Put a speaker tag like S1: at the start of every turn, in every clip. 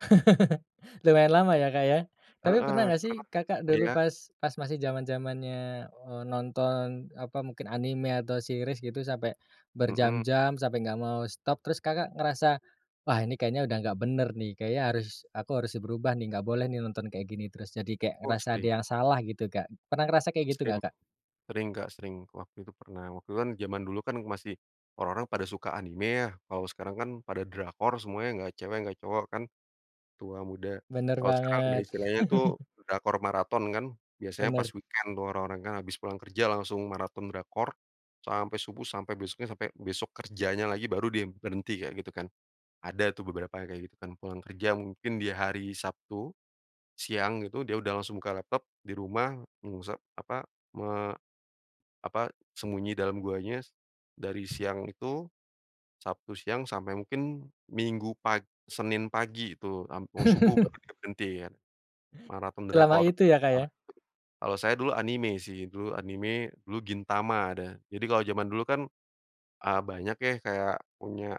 S1: Lumayan lama ya, Kak, ya? Tapi
S2: Heeh,
S1: pernah nggak sih,
S2: karena
S1: Kakak dulu
S2: iya?
S1: pas pas masih zaman-zamannya, eee, nonton, apa, mungkin anime, atau series gitu, sampai
S2: Mhm.
S1: berjam-jam, sampai nggak mau stop, terus Kakak ngerasa, "Wah, ini kayaknya udah nggak bener nih, kayaknya harus aku harus berubah nih, nggak boleh nih nonton kayak gini terus." Jadi kayak
S2: Oh,
S1: ngerasa ada
S2: sering.
S1: yang salah gitu, Kak. Pernah ngerasa kayak gitu
S2: Sering.
S1: nggak, Kak?
S2: Sering, Kak, sering. Waktu itu pernah, waktu itu kan zaman dulu kan masih orang-orang pada suka anime ya, kalau sekarang kan pada drakor semuanya, nggak cewek, nggak cowok kan, tua, muda.
S1: Bener
S2: Kalau sekarang udah
S1: banget.
S2: istilahnya tuh drakor maraton, kan? Biasanya pas
S1: Bener.
S2: weekend tuh orang-orang kan, habis pulang kerja langsung maraton drakor sampai subuh, sampai besoknya, sampai besok kerjanya lagi, baru dia berhenti, kayak gitu, kan. Ada tuh beberapa yang kayak gitu, kan. Pulang kerja mungkin di hari Sabtu, siang gitu, dia udah langsung buka laptop di rumah mengusa apa, me apa, sembunyi dalam guanya, dari siang itu, Sabtu siang sampai mungkin Minggu pag Senin pagi itu, am mau subuh baru dia berhenti, kan. Maraton
S1: Selama
S2: drakor,
S1: itu ya, Kak, ya?
S2: parah. Kalau saya dulu anime sih, dulu anime, dulu Gintama, ada. Jadi, kalau zaman dulu kan, eee, banyak ya kayak punya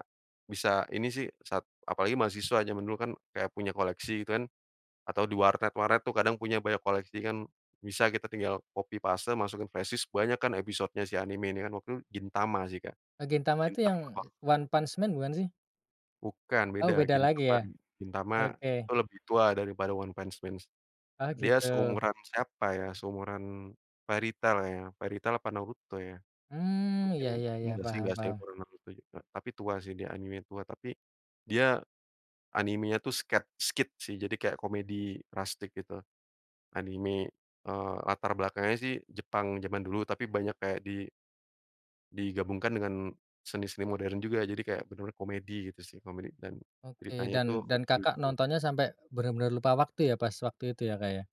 S2: bisa ini sih sat apalagi mahasiswa, zaman dulu kan kayak punya koleksi gitu kan, atau di warnet-warnet tuh kadang punya banyak koleksi kan, bisa kita tinggal copy paste, masukin flashdisk, banyak kan episode nya si anime ini kan, waktu itu Gintama sih, Kak.
S1: E Gintama itu
S2: Gintama
S1: yang
S2: lah.
S1: One-Punch Man, bukan sih?
S2: Bukan,
S1: Oh,
S2: beda.
S1: beda lagi
S2: Gintama
S1: ya?
S2: Gintama
S1: Oke.
S2: itu lebih tua dari pada One-Punch Man.
S1: Oh,
S2: Dia
S1: gitu.
S2: seumuran siapa ya, seumuran Fairytale kayanya, Fairytale apa Naruto, ya.
S1: Mmm.
S2: Mungkin
S1: Ya ya ya,
S2: enggak sih,
S1: paham
S2: enggak, saya
S1: paham.
S2: pernah nonton juga. Tapi tua sih, dia anime tua, tapi dia anime-nya tuh sket skit, sih. Jadi kayak komedi rastik gitu. Anime, eee, latar belakangnya sih Jepang zaman dulu, tapi banyak kayak di digabungkan dengan seni-seni modern juga. Jadi, kayak benar-benar komedi gitu sih. Komedi, dan
S1: Oke,
S2: ceritanya tuh
S1: dan dan Kakak
S2: lucu-lucu.
S1: nontonnya sampai bener-bener lupa waktu ya, pas waktu itu ya, Kak, ya?